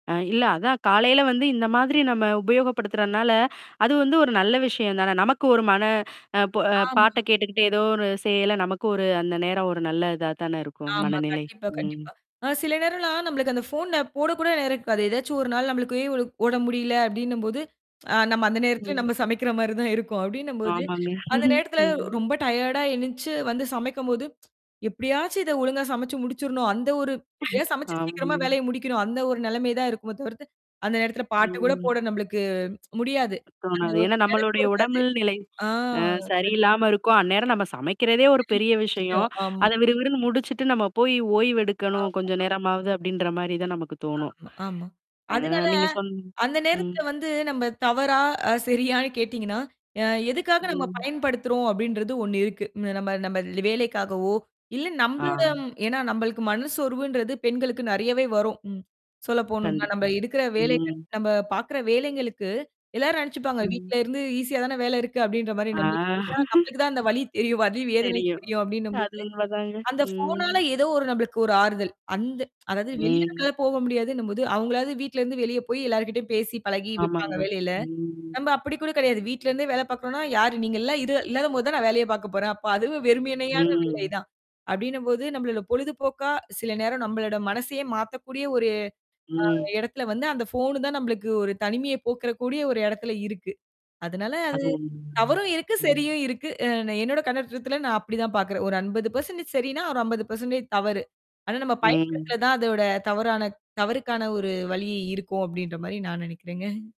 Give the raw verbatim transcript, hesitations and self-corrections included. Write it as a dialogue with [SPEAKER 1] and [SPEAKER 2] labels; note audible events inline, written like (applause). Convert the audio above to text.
[SPEAKER 1] ஆ. இல்ல அதான் காலைல வந்து இந்த மாதிரி நம்ம உபயோகப்படுத்துறதுனால, அது வந்து ஒரு நல்ல விஷயம் தான. நமக்கு ஒரு மன, ப
[SPEAKER 2] ஆமா.
[SPEAKER 1] பாட்ட கேட்டுக்கிட்டே, ஏதோ ஒரு செய்யல நமக்கு ஒரு, அந்த நேரம் ஒரு நல்ல இதா தான இருக்கும்
[SPEAKER 2] ஆமா,
[SPEAKER 1] மனநிலை.
[SPEAKER 2] கண்டிப்பா,
[SPEAKER 1] ம்.
[SPEAKER 2] கண்டிப்பா. அ, சில நேரம்லாம் நம்மளுக்கு அந்த போன போட கூட நேரம் இருக்காது. ஏதாச்சும் ஒரு நாள் நம்மளுக்கே, உ உடம்பு முடியல அப்டினம் போது, (tsk) நம்ம அந்த நேரத்துல
[SPEAKER 1] ம்.
[SPEAKER 2] நம்ம சமைக்கிற மாரி தான் இருக்கும். அப்படினம் போது,
[SPEAKER 1] ஆமாங்க,
[SPEAKER 2] அந்த
[SPEAKER 1] (chuckles)
[SPEAKER 2] நேரத்துல
[SPEAKER 1] ம்.
[SPEAKER 2] ரொம்ப டயர்டா எனிச்சு வந்து சமைக்கும் போது, (tsk) எப்டியாச்சும் இத ஒழுங்கா சமச்சு முடிச்சிரனும், அந்த ஒரு எப்டியா சமைச்சு சீக்கிரமா
[SPEAKER 1] ஆமாங்க.
[SPEAKER 2] வேலைய முடிக்கணும் அந்த ஒரு நெலமை தான் இருக்குமே தவிர்த்து, அந்த நேரத்துல பாட்டு கூட
[SPEAKER 1] ம்.
[SPEAKER 2] போட நம்மளுக்கு (tsk) முடியாது. அந்த
[SPEAKER 1] தோணாது.
[SPEAKER 2] ஒரு
[SPEAKER 1] ஏன்னா
[SPEAKER 2] நினைப்பு
[SPEAKER 1] நம்மளுடைய
[SPEAKER 2] இருக்காது.
[SPEAKER 1] உடம்பில் நிலை
[SPEAKER 2] ஆ.
[SPEAKER 1] ஆ
[SPEAKER 2] கண்
[SPEAKER 1] சரியில்லாம இருக்கும், அந்நேரம் நம்ம சமைக்கிறதே ஒரு
[SPEAKER 2] எவ்ளோ
[SPEAKER 1] பெரிய
[SPEAKER 2] பெரிய
[SPEAKER 1] விஷயம்.
[SPEAKER 2] விஷயம். ஆமா.
[SPEAKER 1] அதை விறுவிறுன்னு முடிச்சுட்டு, நம்ம போய் ஓய்வு
[SPEAKER 2] ஆமா,
[SPEAKER 1] எடுக்கணும் கொஞ்ச
[SPEAKER 2] ஆமா.
[SPEAKER 1] நேரமாவது அப்டின்ற மாதிரி தான் நமக்கு தோணும்.
[SPEAKER 2] ஆமா, ஆமா.
[SPEAKER 1] ஆ,
[SPEAKER 2] அதனால
[SPEAKER 1] நீங்க சொன்ன
[SPEAKER 2] அந்த
[SPEAKER 1] ம்.
[SPEAKER 2] நேரத்துல வந்து, நம்ம தவறா? சரியான்னு? கேட்டீங்கன்னா, அ, எதுக்காக நம்ம
[SPEAKER 1] ம்.
[SPEAKER 2] பயன்படுத்துறோம் அப்டீன்றது ஒண்ணு இருக்கு. நம்ம நம்ம வேலைக்காகவோ, இல்ல
[SPEAKER 1] ஆ.
[SPEAKER 2] நம்மளோட ஏன்னா, நம்பளுக்கு மனசோர்வுன்றது பெண்களுக்கு நிறையவே வரும். ம். சொல்லப்போணும்னா, நம்ம
[SPEAKER 1] கண்டிப்பா,
[SPEAKER 2] இருக்கிற வேலைகள
[SPEAKER 1] ம்.
[SPEAKER 2] நம்ம பாக்குற வேலைங்களுக்கு எல்லாரும் நெனச்சுப்பாங்க
[SPEAKER 1] ம்.
[SPEAKER 2] வீட்ல இருந்து ஈஸியாதான வேலை இருக்கு அப்டின்ற மாதிரி,
[SPEAKER 1] ஆ.
[SPEAKER 2] நம்மளுக்கு (unintelligible) நம்மளுக்கு தான் அந்த வலி தெரியும்.
[SPEAKER 1] (chuckles)
[SPEAKER 2] வலி வேதனை
[SPEAKER 1] தெரியும்.
[SPEAKER 2] தெரியும் அப்டினம் போது,
[SPEAKER 1] அது உண்மதாங்க,
[SPEAKER 2] அந்த போனால
[SPEAKER 1] ம்.
[SPEAKER 2] ஏதோ ஒரு நம்மளுக்கு ஒரு ஆறுதல். அந்த (tsk) அதாவது வெளிய
[SPEAKER 1] ம்.
[SPEAKER 2] நம்மளால போக முடியாதுன்னும் போது அவங்களாவது வீட்ல இருந்து வெளிய போய் எல்லார் கிட்டயும் பேசி பழகி வெப்பாங்க
[SPEAKER 1] ஆமாங்க.
[SPEAKER 2] வேலைல.
[SPEAKER 1] ம்.
[SPEAKER 2] நம்ம அப்டி கூட கிடையாது. வீட்ல இருந்தே வேலை பாக்குறோம்னா, யாரு நீங்க எல்லாம் இரு இல்லாத போது தான் நான் வேலைய பாக்க போறேன், அப்ப அதுவும் வெறுமேமையான வேலை
[SPEAKER 1] ம்.
[SPEAKER 2] தான். அப்டினம் போது, நம்மளோட பொழுது போக்கா, சில நேரம் நம்மளோட மனசையே மாத்தக்கூடிய, அ, ஒரு
[SPEAKER 1] ம்.
[SPEAKER 2] இடத்துல வந்து, அந்த போன் தான் நம்மளுக்கு ஒரு தனிமைய போக்கற கூடிய ஒரு இடத்துல இருக்கு. அதனால அது
[SPEAKER 1] அது உண்மைங்க.
[SPEAKER 2] தவறும் இருக்கு,
[SPEAKER 1] ம்.
[SPEAKER 2] சரியும் இருக்கு. அ, என்னோட கண்ணோட்டத்துல நான் அப்டித்தான் பாக்குறேன், ஒரு அம்பது பர்சன்டேஜ் சரின்னா, ஒரு அம்பது பர்சன்டேஜ் தவறு. ஆனா, நம்ம
[SPEAKER 1] ம்.
[SPEAKER 2] பயன்படுத்துற தான் அதோட தவறான தவறுக்கான ஒரு வழியே இருக்கும் அப்படின்ற மாரி நான் நெனைக்கிறேங்க.